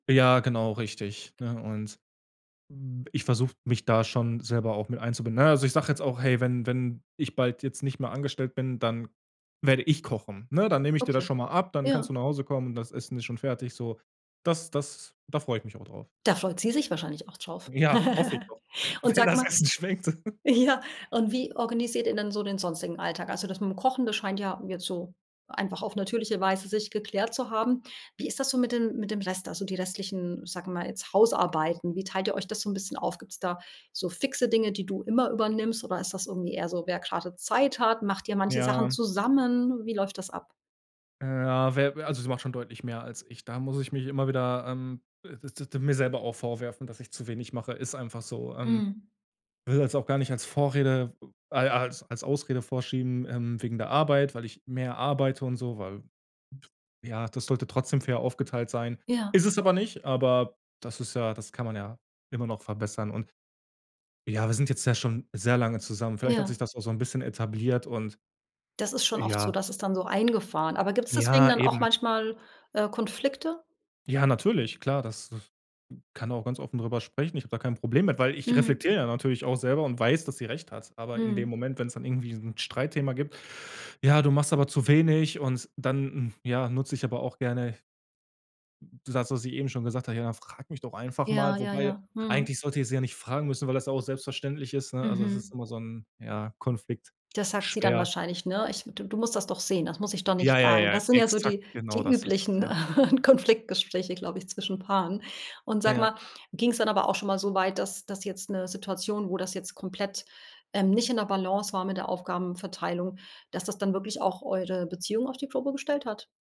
Ja, genau, richtig, ne? Und, hm, b ich versuche mich da schon selber auch mit einzubinden. Na ja, also ich sage jetzt auch: „Hey, wenn wenn ich bald jetzt nicht mehr angestellt bin, dann werde ich kochen“, ne? „Dann nehme ich dir das Okay, schon mal ab, dann kannst du ja. nach Hause kommen, das Essen ist schon fertig“, so. Das das da freu ich mich auch drauf. Da freut sie sich wahrscheinlich auch drauf. Ja, hoffe ich doch, Und wenn sag das mal Essen schmeckt. ja, und wie organisiert ihr denn so den sonstigen Alltag? Also das mit dem Kochen, das scheint ja jetzt so einfach auf natürliche Weise sich geklärt zu haben. Wie ist das so mit den mit dem Rest also die restlichen, sag mal, jetzt Hausarbeiten? Wie teilt ihr euch das so 'n bisschen auf? Gibt's da so fixe Dinge, die du immer übernimmst? Oder ist das irgendwie eher so, wer grade Zeit hat? Macht dir manche Sachen Ja. zusammen? Wie läuft das ab? Ja, we also, sie macht schon deutlich mehr als ich. Da muss ich mich immer wieder ähm, mir selber auch vorwerfen, dass ich zu wenig mache. Ist einfach so, ähm. Mhm. Will das auch gar nicht als Vorrede ai als als Ausrede vorschieben, ähm, wegen der Arbeit, weil ich mehr arbeite und so, weil, ja, das sollte trotzdem fair aufgeteilt sein. Ja. Ist es aber nicht, aber das ist ja das kann man ja immer noch verbessern. Und ja, wir sind jetzt ja schon sehr lange zusammen. Vielleicht hat sich Ja. das auch so 'n bisschen etabliert und Das ist schon oft so, ja. das ist dann so eingefahren. Aber gibt's deswegen Ja, dann auch eben. manchmal, äh, Konflikte? Ja, natürlich, klar, das das kann auch ganz offen drüber sprechen, ich habe da kein Problem mit, weil ich Mhm. reflektiere ja natürlich auch selber und weiß, dass sie recht hat, aber in dem Mhm. Moment, wenn's dann irgendwie so 'n Streitthema gibt: „Ja, du machst aber zu wenig“ und dann, ja, nutze ich aber auch gerne d das, was ich eben schon gesagt habe: „Ja dann frag mich doch einfach Ja, mal“, ja, wobei ja. eigentlich Mhm. sollte ich sie ja nicht fragen müssen, weil das ja auch selbstverständlich ist, ne, also das ist Mhm. immer so 'n, ja, Konflikt. Das sagt sie dann Schwer. wahrscheinlich, ne? Ich „Du du musst das doch sehen, das muss ich doch Ja, nicht ja, fragen.“ ja, Das sind ja so exakt die genau die das ist das, üblichen ja. Konfliktgespräche, glaube ich, zwischen Paaren. Und sag Ja. mal, ging's dann aber auch schon mal so weit, dass das jetzt 'ne Situation, wo das jetzt komplett, ähm, nicht in der Balance war mit der Aufgabenverteilung, dass das dann wirklich auch eure Beziehung auf die Probe gestellt hat?